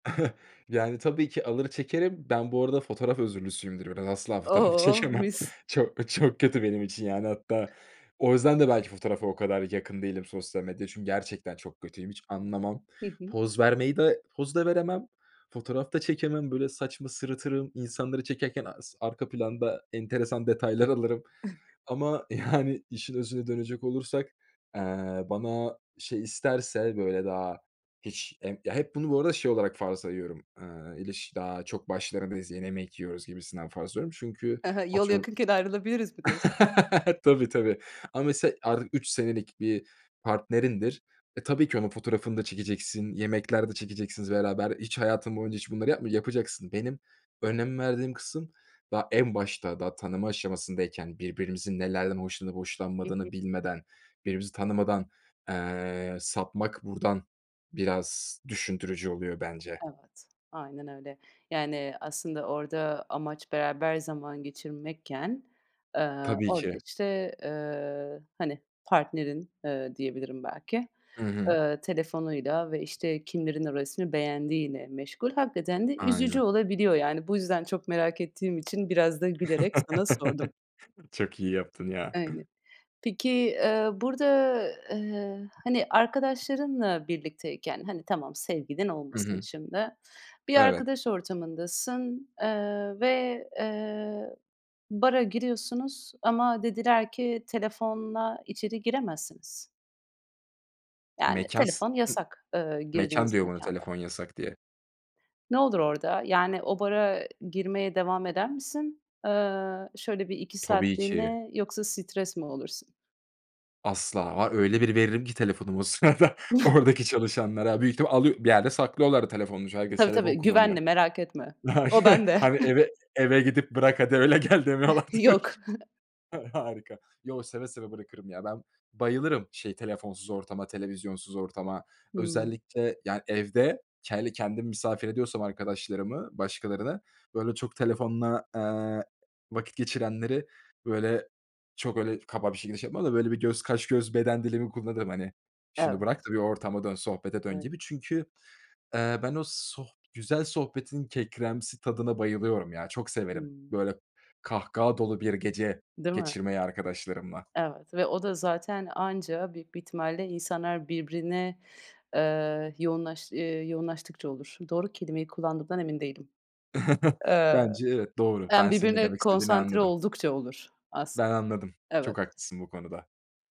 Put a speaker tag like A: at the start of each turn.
A: Yani, tabii ki alır çekerim. Ben bu arada fotoğraf özürlüsüyümdür biraz, asla fotoğraf
B: Oh!
A: çekemem.
B: Mis.
A: Çok çok kötü benim için yani, hatta o yüzden de belki fotoğrafa o kadar yakın değilim, sosyal medyaya çünkü gerçekten çok kötüyüm, hiç anlamam.
B: Hı hı.
A: Poz vermeyi de poz da veremem. Fotoğraf da çekemem böyle saçma sırıtırım, insanları çekerken as arka planda enteresan detaylar alırım ama yani, işin özüne dönecek olursak, eee, bana şey isterse böyle daha hiç em ya, hep bunu bu arada şey olarak farz sayıyorum. Iıı, ilişki daha çok başlarındayız, yeni yemek yiyoruz gibisinden farz ediyorum çünkü
B: Ha ha. Yol
A: atıyorum
B: yakınken ayrılabiliriz mi diyorsun?
A: Tabii, tabii, ama mesela artık 3 senelik bir partnerindir. E, tabii ki onun fotoğrafını da çekeceksin, yemekler de çekeceksiniz beraber hiç hayatın boyunca hiç bunları yapmıcak yapacaksın. Benim önem verdiğim kısım daha en başta, daha tanıma aşamasındayken birbirimizin nelerden hoşlanıp
B: Hı hı.
A: hoşlanmadığını bilmeden, birbirimizi tanımadan, eee, sapmak buradan biraz düşündürücü oluyor bence.
B: Evet. Aynen öyle. Yani, aslında orada amaç beraber zaman geçirmekken, ııı,
A: Tabii
B: orada,
A: ki.
B: işte, ııı, hani, partnerin, ııı, diyebilirim belki,
A: Hı hı.
B: ııı, telefonuyla ve, işte, kimlerin o resmi beğendiğiyle meşgul. Hakikaten de üzücü
A: Aynen.
B: olabiliyor yani. Bu yüzden çok merak ettiğim için biraz da gülerek sana sordum.
A: Çok iyi yaptın ya.
B: Aynı. Peki, eee, burada, ııı, hani, arkadaşlarınla birlikteyken, hani, tamam, sevgilin
A: Hı
B: olmasın
A: hı.
B: şimdi, bir
A: Evet.
B: arkadaş ortamındasın, eee, ve, eee, bara giriyorsunuz ama dediler ki; "Telefonla içeri giremezsiniz." Yani,
A: Mekâs
B: telefon
A: [unintelligible]
B: yasak, ııı,
A: mekân
B: girdiğiniz
A: diyor bana;
B: mekânda.
A: "Telefon yasak." diye.
B: Ne olur orada? Yani, o bara ı girmeye devam eder misin? Iıı, şöyle 1-2
A: Tabii ki.
B: saatliğine, yoksa stres mi olursun?
A: Asla, var öyle bir veririm ki telefonumu o sırada oradaki çalışanlara büyük ihtimalle alıyor bir yerde saklıyorlar da telefonumu çünkü herkes
B: Tabii,
A: telefon
B: tabii,
A: kullanıyor.
B: güvenli merak etme. O bende.
A: [unintelligible] Hani; "Eve, eve gidip bırak, hadi öyle gel." demiyorlardır.
B: Yok.
A: Ha harika. Yo, seve seve bırakırım ya. Ben bayılırım şey, telefonsuz ortama, televizyonsuz ortama.
B: Hımm.
A: Özellikle, yani, evde hele kendim misafir ediyorsam arkadaşlarımı, başkalarını böyle çok telefonla, eee, vakit geçirenleri böyle çok öyle kaba bir şekilde şey yapmam da böyle bir göz kaş, göz, beden dilimi kullanırım, hani; "Şunu bırak
B: Evet.
A: da bir ortama dön, sohbete dön."
B: [unintelligible]
A: gibi. Çünkü, eee, ben o soh güzel sohbetin kekremsi tadına bayılıyorum ya, çok severim
B: Hımm.
A: böyle kahkaha dolu bir gece
B: Değil mi?
A: geçirmeyi arkadaşlarımla.
B: Evet ve o da zaten anca büyük bir ihtimalle insanlar birbirine, ııı, yoğunlaş ııı, yoğunlaştıkça olur. Doğru kelimeyi kullandığımdan emin değilim. Iıı,
A: Bence evet, doğru.
B: yani,
A: Ben senin ne
B: birbirine
A: demek istediğini
B: konsantre
A: anladım.
B: oldukça olur as
A: Ben anladım. Çok
B: Evet.
A: haklısın bu konuda.